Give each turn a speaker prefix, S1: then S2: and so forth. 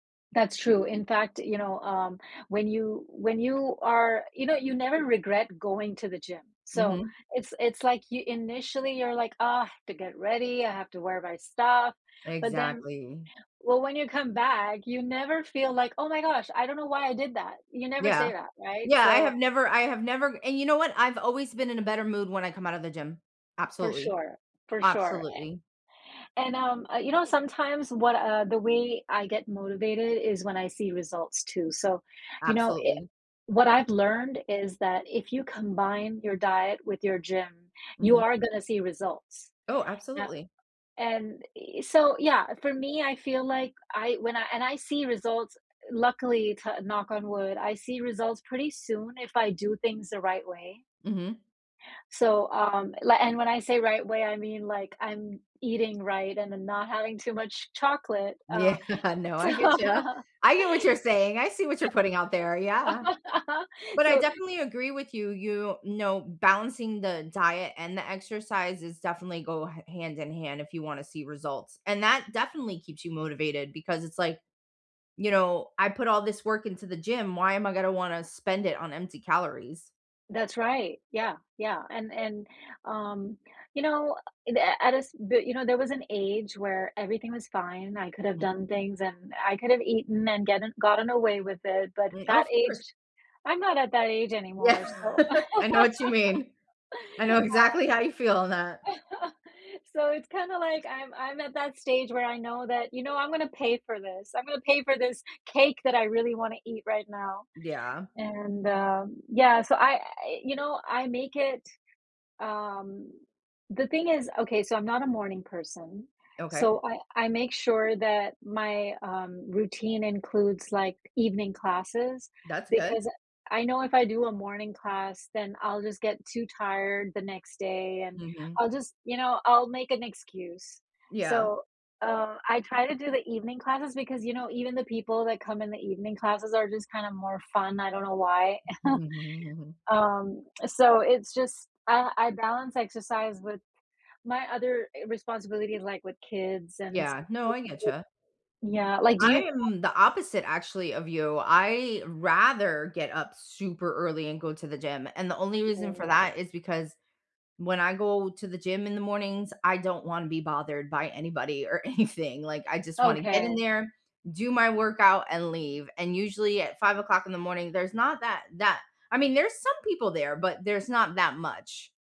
S1: That's true, in fact, you know, um, when you when you are you know, you never regret going to the gym, so,
S2: Mhm.
S1: it's it's, like, you initially you're, like, "Ugh, have to get ready, I have to wear my stuff," but then
S2: Exactly.
S1: well, when you come back, you never feel like, "Oh my gosh, I don't know why I did that," you never
S2: Yeah.
S1: say that, right,
S2: Yeah, I
S1: so
S2: have never I have never and you know what, I've always been in a better mood when I come out of the gym,
S1: For
S2: absolutely.
S1: sure, for sure.
S2: Absolutely.
S1: And, um, uh, you know, sometimes what, uh the way I get motivated is when I see results too, so, you know, i
S2: Absolutely.
S1: what I've learned is that if you combine your diet with your gym, you
S2: Mhm.
S1: are gonna see results.
S2: Oh,
S1: Now
S2: absolutely.
S1: and i so, yeah for me, I feel like I when I and I see results luckily to knock on wood, I see results pretty soon if I do things the right way.
S2: Mhm.
S1: So, um, li and when I say right way, I mean, like, I'm eating right and n not having too much chocolate, uh,
S2: Yeah, no,
S1: So
S2: I get ya, I get what you're saying, I see what you're putting out there, yeah. But I
S1: So
S2: definitely agree with you, you know, balancing the diet and the exercise is definitely go ha hand in hand if you wanna see results, and that definitely keeps you motivated because it's like, you know, "I put all this work into the gym, why am I gonna wanna spend it on empty calories?"
S1: That's right, yeah, yeah, and and, um, you know, the at a s but, you know, there was an age where everything was fine, I could have
S2: Hm
S1: done things and I could have eaten and getten gotten away with it, but
S2: Right,
S1: that
S2: of
S1: age
S2: course.
S1: I'm not at that age anymore,
S2: Yeah,
S1: so, uh
S2: I know what you mean, I know exactly how you feel on that.
S1: So, it's kinda like I'm I'm at that stage where I know that, you know, "I'm going to pay for this, I'm going pay for this cake that I really wanna eat right now,
S2: Yeah.
S1: and, um" yeah, so I you know, I make it, um the thing is okay, so I'm not a morning person,
S2: Okay.
S1: so, I I make sure that my, um, routine includes, like, evening classes,
S2: That's good.
S1: because I know if I do a morning class, then I'll just get too tired the next day and
S2: Mhm.
S1: I'll just, you know, I'll make an excuse,
S2: Yeah.
S1: so, uh, I try to do the evening classes because, you know, even the people that come in the evening classes are just kind of more fun, I don't know why, um, so it's just uh, I balance exercise with my other e responsibilities, like, with kids and
S2: Yeah, no, I get ya.
S1: Yeah, like, do you
S2: I
S1: have
S2: am the opposite actually of you, I rather get up super early and go to the gym, and the only reason for
S1: Sure
S2: that is because, when I go to the gym in the mornings, I don't wanna be bothered by anybody or anything, like, I just wanna get in
S1: Okay.
S2: there, do my workout, and leave, and usually at 5:00 in the morning, there's not that that I mean, there's some people there, but there's not that much.